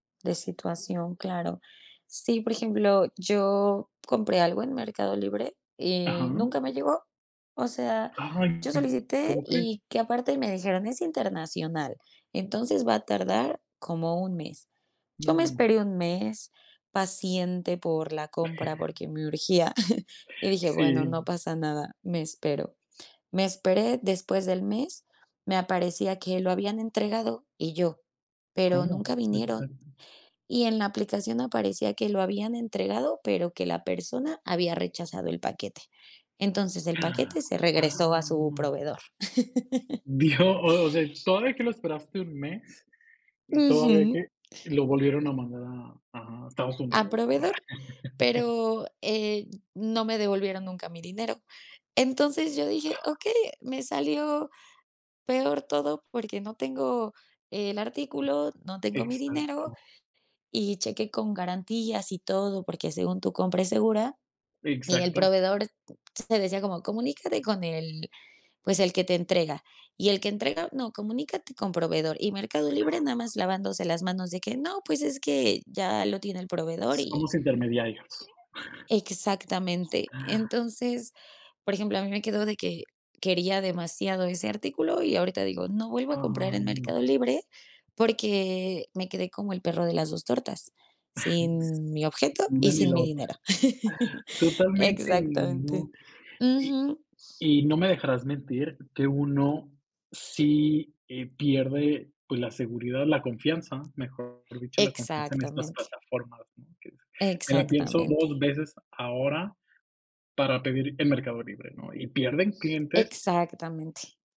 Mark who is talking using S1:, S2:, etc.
S1: De situación, claro. Sí, por ejemplo, yo compré algo en Mercado Libre
S2: Ajá.
S1: y nunca me llegó, o sea,
S2: Ay,
S1: yo solicité
S2: ¿cómo crees?
S1: y que, aparte me dijeron, es internacional, entonces va a tardar como un mes. Yo me
S2: No.
S1: esperé un mes, paciente por la compra porque me urgía, y dije: "Bueno,
S2: Sí.
S1: no pasa nada, me espero". Me esperé después del mes, me aparecía que lo habían entregado y yo: "Pero
S2: ¿Cómo?
S1: nunca vinieron".
S2: [unintelligible]
S1: Y en la aplicación aparecía que lo habían entregado, pero que la persona había rechazado el paquete. Entonces, el paquete se
S2: Ah,
S1: regresó a su
S2: no.
S1: proveedor.
S2: Dios, o o sea, y todavía que lo esperaste un mes, y todavía
S1: Ujú.
S2: que y lo volvieron a mandar a a Estados
S1: Al
S2: Unidos, ¿no?
S1: proveedor, pero, eh, no me devolvieron nunca mi dinero. Entonces, yo dije: "Okey, me salió peor todo porque no tengo el artículo, no tengo mi dinero",
S2: Exacto.
S1: y chequé con garantías y todo, porque según tu compra es segura, y el
S2: Exacto.
S1: proveedor te decía como: "Comunícate con el, pues, el que te entrega". Y el que entrega: "No, comunícate con proveedor". Y Mercado Libre nada más lavándose las manos, de que: "No, pues es que ya lo tiene el proveedor, y"
S2: Somos intermediarios.
S1: Exactamente. Entonces, por ejemplo, a mí me quedó de que, quería demasiado ese artículo y ahorita digo: "No vuelvo a comprar
S2: Ay,
S1: en Mercado
S2: no.
S1: Libre, porque me quedé como el perro de las dos tortas, sin mi
S2: Sí,
S1: objeto
S2: ni una
S1: y
S2: ni
S1: sin
S2: la
S1: mi
S2: otra.
S1: dinero".
S2: Totalmente,
S1: Exactamente.
S2: no. Y
S1: Ujú.
S2: y no me dejarás mentir que uno sí, eh, pierde, pues, la seguridad, la confianza, mejor dicho, la confianza en estas
S1: Exactamente.
S2: plataformas, ¿no? Que es, me la pienso 2
S1: Exactamente.
S2: veces ahora para pedir en Mercado Libre, ¿no? Y pierden clientes
S1: Exactamente.